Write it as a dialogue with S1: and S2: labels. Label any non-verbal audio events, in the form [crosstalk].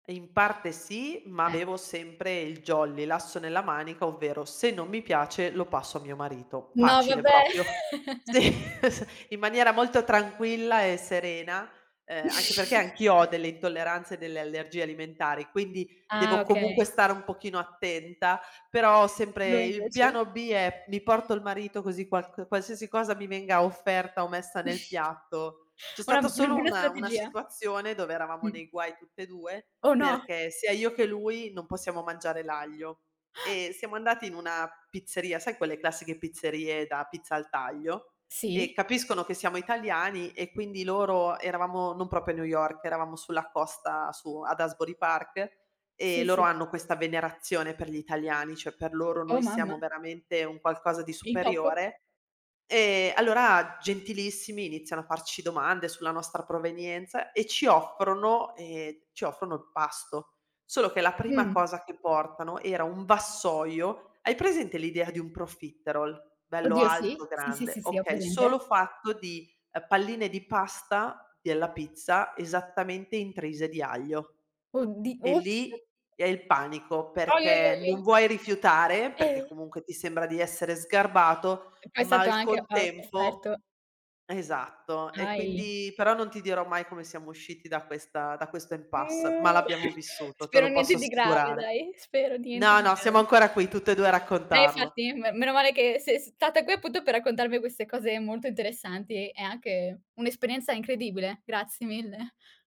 S1: In parte sì, ma
S2: Eh.
S1: avevo sempre il jolly, l'asso nella manica, ovvero se non mi piace lo passo a mio marito.
S2: No
S1: Facile
S2: vabbè.
S1: proprio.
S2: [chuckles]
S1: Sì s in maniera molto tranquilla e serena, ehm, anche perché
S2: [chuckles]
S1: anch'io ho delle intolleranze e delle allergie alimentari, quindi
S2: Ah
S1: devo comunque
S2: okay.
S1: stare un pochino attenta. Però sempre
S2: Lui
S1: il
S2: invece?
S1: piano B è: mi porto il marito così qualc qualsiasi cosa mi venga offerta o messa nel
S2: [chuckles]
S1: piatto c'è
S2: Una
S1: stata
S2: una
S1: solo
S2: buona
S1: una una
S2: strategia.
S1: situazione dove eravamo
S2: Mh.
S1: nei guai tutt'e 2,
S2: Oh no.
S1: perché sia io che lui non possiamo mangiare l'aglio.
S2: [gasps]
S1: E siamo andati in una pizzeria, sai quelle classiche pizzerie da pizza al taglio? Ehm,
S2: Sì.
S1: capiscono che siamo italiani e quindi loro eravamo, non proprio a New York, eravamo sulla costa, su ad Asbury Park,
S2: Sì,
S1: ehm, loro
S2: sì.
S1: hanno questa venerazione per gli italiani, cioè per loro noi
S2: Oh mamma.
S1: siamo veramente un qualcosa di
S2: Il top.
S1: superiore. Ehm, allora gentilissimi iniziano a farci domande sulla nostra provenienza e ci offrono ehm, ci offrono il pasto. Solo che la prima
S2: Mh.
S1: cosa che portano era un vassoio hai presente l'idea di un profiterol? Bello
S2: Oddio sì,
S1: alto,
S2: sì, sì,
S1: grande.
S2: sì, sì, ho
S1: Okay,
S2: presente.
S1: solo fatto di, ehm, palline di pasta della pizza esattamente intrise di aglio.
S2: Oddi
S1: E
S2: ops.
S1: lì è il panico,
S2: Òi, òi, òi,
S1: perché
S2: òi.
S1: non vuoi rifiutare, perché
S2: E
S1: comunque ti sembra di essere sgarbato,
S2: E poi è
S1: ma
S2: stato
S1: al
S2: anche a of offerto
S1: contempo esatto. E
S2: Ahi.
S1: quindi però non ti dirò mai come siamo usciti da questa da questo impasse, ma
S2: [unintelligible]
S1: l'abbiamo
S2: [chuckles]
S1: vissuto, te
S2: Spero
S1: lo
S2: niente
S1: posso
S2: di grave
S1: assicurare.
S2: dai, spero niente
S1: No,
S2: di
S1: no, siamo
S2: grave.
S1: ancora qui tutt'e 2 a
S2: Eh
S1: raccontarlo.
S2: infatti, me meno male che sei stata qui appunto per raccontarmi queste cose molto interessanti e anche un'esperienza incredibile, grazie mille.